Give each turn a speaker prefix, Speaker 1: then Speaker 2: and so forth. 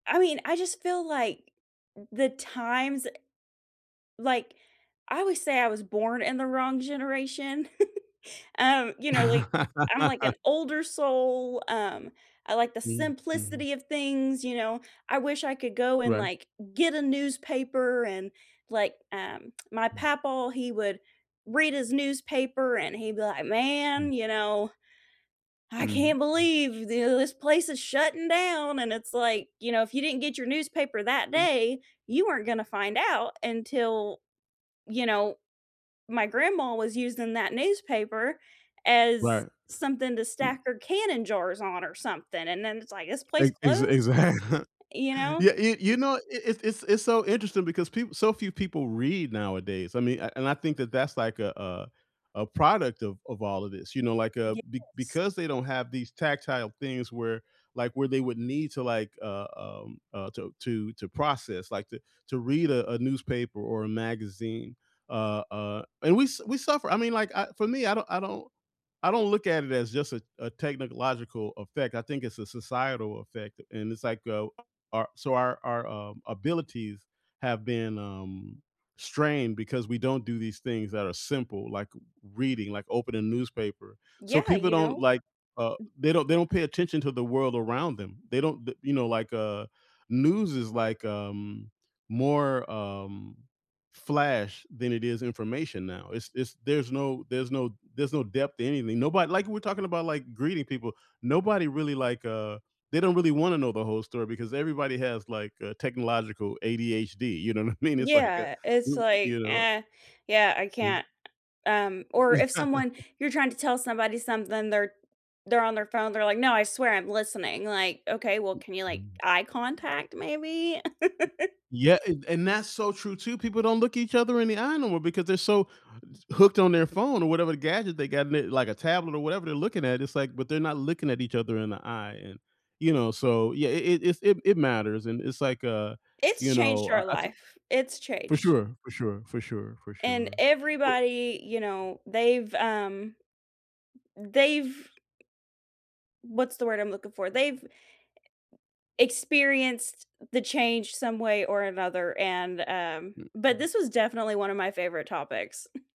Speaker 1: I mean, I just feel like the times, eh like, I always say I was born in the wrong generation. Um, you know, like I'm, like, an older soul, um, I like the
Speaker 2: Mm, mhm.
Speaker 1: simplicity of things, you know? I wish I could go and,
Speaker 2: Right.
Speaker 1: like, get a newspaper and like, um my
Speaker 2: Hmm.
Speaker 1: Papaw, he would read his newspaper and he'd be like,
Speaker 2: Mm.
Speaker 1: "Man, you know, I
Speaker 2: Mm,
Speaker 1: can't
Speaker 2: mm.
Speaker 1: believe this place is shutting down," and it's like, you know, if you didn't get your newspaper that
Speaker 2: I'm
Speaker 1: day, you weren't gonna find out until you know, my grandma was using that newspaper as
Speaker 2: Right,
Speaker 1: something to
Speaker 2: mm.
Speaker 1: stack her canning jars on or something, and then it's like, "This place
Speaker 2: Ex exa
Speaker 1: closed?"
Speaker 2: exact
Speaker 1: You know?
Speaker 2: Yeah, you you you know, it it it's it's so interesting because peop so few people read nowadays, I mean, a and I think that's, like, a, uh a product of of all of this. You know, like, uh, be
Speaker 1: Yes.
Speaker 2: because they don't have these tactile things where, like, where they would need to, like, uh, um, uh, to to to process, like to to read a a newspaper or a magazine, uh, uh and we s we suffer I mean, like, uh, for me, I don't I don't I don't look at it as just a a technological effect, I think it's a societal effect, and it's, like, uh, our so, our our, um, abilities have been, um, strained because we don't do these things that are simple, like reading, like opening a newspaper. So,
Speaker 1: Yeah,
Speaker 2: people
Speaker 1: you
Speaker 2: don't,
Speaker 1: know?
Speaker 2: like, uh, they don't they don't pay attention to the world around them, they don't the you know, like, uh, news is, like, um, more, um, flash than it is information now. It's it's there's no there's no there's no depth to anything, nobody like, we're talking about, like, greeting people. Nobody really, like, uh they don't really wanna know the whole story because everybody has, like, uh, technological ADHD, you know what I mean, it's like, uh
Speaker 1: Yeah, it's
Speaker 2: you you
Speaker 1: like,
Speaker 2: know?
Speaker 1: "Eh, yeah I
Speaker 2: Mm.
Speaker 1: can't," um, or if someone you're trying to tell somebody something, they're they're on their phone, they're like, "No, I swear I'm listening," like, "Okay, well, can you, like,
Speaker 2: Mm.
Speaker 1: eye contact maybe?"
Speaker 2: Yeah, an and that's so true too, people don't look each other in the eye no more because they're so hooked on their phone or whatever gadget they got, l like a tablet or whatever they're looking at, it's like but they're not looking at each other in the eye and, you know, so yeah, it it it's it it matters, and it's like, uh, you
Speaker 1: It's changed
Speaker 2: know, I
Speaker 1: our
Speaker 2: I took
Speaker 1: life, it's
Speaker 2: For
Speaker 1: changed
Speaker 2: sure, for sure, for sure, for
Speaker 1: and
Speaker 2: sure. Well
Speaker 1: everybody, you know, they've, um, mm, they've what's the word I'm looking for they've experienced the change some way or another, and, um but this was definitely one of my favorite topics.